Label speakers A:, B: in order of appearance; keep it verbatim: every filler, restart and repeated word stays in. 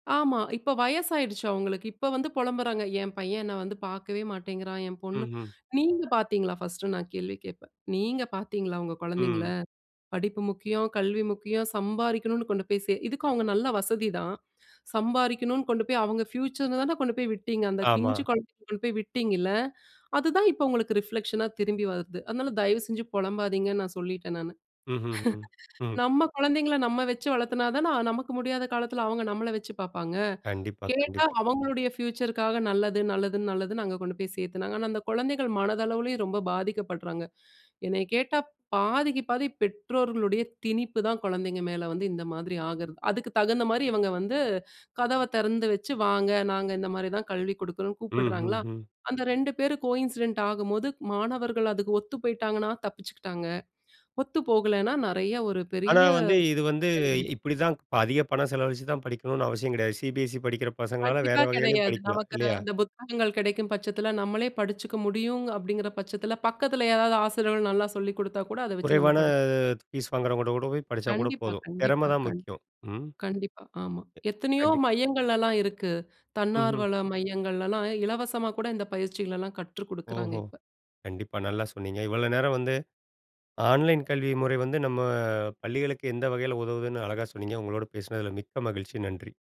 A: ஆமா. இப்ப வயசாயிடுச்சு அவங்களுக்கு. இப்ப வந்து பொலம்புறாங்க, "என் பையன் என்ன வந்து பாக்கவே மாட்டேங்குறான், என் பொண்ணு,
B: ம்ஹ்ம்.
A: நீங்க பாத்தீங்களா ஃபர்ஸ்ட்னு நான் கேள்வி கேட்பேன். நீங்க பாத்தீங்களா, உங்க குழந்தைகள?
B: ம்.
A: படிப்பு முக்கியம், கல்வி முக்கியம், சம்பாரிக்கணும்னு கொண்டு போய் சே" இதுக்கு அவங்க நல்ல வசதிதான். சம்பாரிக்கணும்னு கொண்டு போய் அவங்க பியூச்சர்னுதான கொண்டு போய் விட்டீங்க, அந்த
B: ஆமா.
A: பிஞ்சு குழந்தைகள கொண்டு போய் விட்டீங்கல, அதுதான் இப்ப உங்களுக்கு ரிப்ளெக்ஷனா திரும்பி வருது. அதனால தயவு செஞ்சு பொலம்பாதீங்கன்னு நான் சொல்லிட்டேன் நானு.
B: ம்ஹ்ம், ம்.
A: நம்ம குழந்தைகள நம்ம வச்சு வளத்துனாதானே நமக்கு முடியாத காலத்துல அவங்க நம்மள வச்சு பாப்பாங்க.
B: கண்டிப்பா,
A: கேட்டா
B: கண்டிப்பா.
A: அவங்களுடைய பியூச்சர்க்காக நல்லது, நல்லதுன்னு, நல்லதுன்னு அங்க கொண்டு போய் சேர்த்தாங்க. ஆனா அந்த குழந்தைகள் மனதளவிலேயும் ரொம்ப பாதிக்கப்படுறாங்க. என்னைய கேட்டா பாதிக்கு பாதி பெற்றோர்களுடைய திணிப்புதான், குழந்தைங்கக மேல வந்து இந்த மாதிரி ஆகுறது. அதுக்கு தகுந்த மாரி இவங்க வந்து கதவ தெறந்து வச்சு வாங்க, நாங்க இந்த மாரிதான் கல்வி குடுக்றோம்னு கூப்பிடுறாங்களா,
B: ம்ஹ்ஹும்.
A: அந்த ரெண்டு பேரும் கோயின்சிடென்ட் ஆகும்போது, மாணவர்கள் அதுக்கு ஒத்து போயிட்டாங்கன்னா தப்பிச்சுக்கிட்டாங்க. ஒத்து போகலன்னா நறைய ஒரு
B: ஆனா,
A: பெரிய
B: வந்து இது வந்து
A: [unintelligible]
B: இப்டித்தான் அதிக பணம் செலவழிச்சுதான் படிக்கணும்னு அவசியம் கெடையாது. CBSE படிக்கிற பசங்களால வேற
A: கண்டிப்பா
B: வகையிலும்
A: கெடையாது.
B: படிக்கலாம்,
A: நமக்கு
B: இல்லையா?
A: அந்த புத்தகங்கள் கெடைக்கும் பட்சத்தில நம்மளே படிச்சுக்க முடியும் அப்டிங்கிற பட்சத்துல பக்கத்துல யாராவது ஆசிரியர்கள் நல்லா சொல்லிக் குடுத்தா கூட அத வச்சு நம்ம
B: குறைவான
A: படி
B: ஃபீஸ் வாங்குறவங்ககிட்ட கூட போய் படிச்சா கூட
A: கண்டிப்பா,
B: போதும். தெறம
A: கண்டிப்பா,
B: தான்
A: கண்டிப்பா.
B: முக்கியம். ம்.
A: கண்டிப்பா, ஆமா.
B: ஏ,
A: எத்தனையோ
B: கண்டிப்
A: மையங்கள் எல்லாம் இருக்கு.
B: ம்ஹ்ம்.
A: தன்னார்வல மையங்கள்லலாம் இலவசமாக்கூட இந்த பயிற்சிகளலாம் கற்றுக்குடுக்றாங்க
B: ஓஹோ!
A: இப்ப.
B: கண்டிப்பா. நல்லா சொன்னீங்க. இவ்வளோ நேரம் வந்து ஆன்லைன் கல்வி முறை வந்து நம்ம பள்ளிகளுக்கு எந்த வகையில் உதவுதுன்னு அழகா சொன்னீங்க. உங்களோடு பேசினதில மிக்க மகிழ்ச்சி, நன்றி.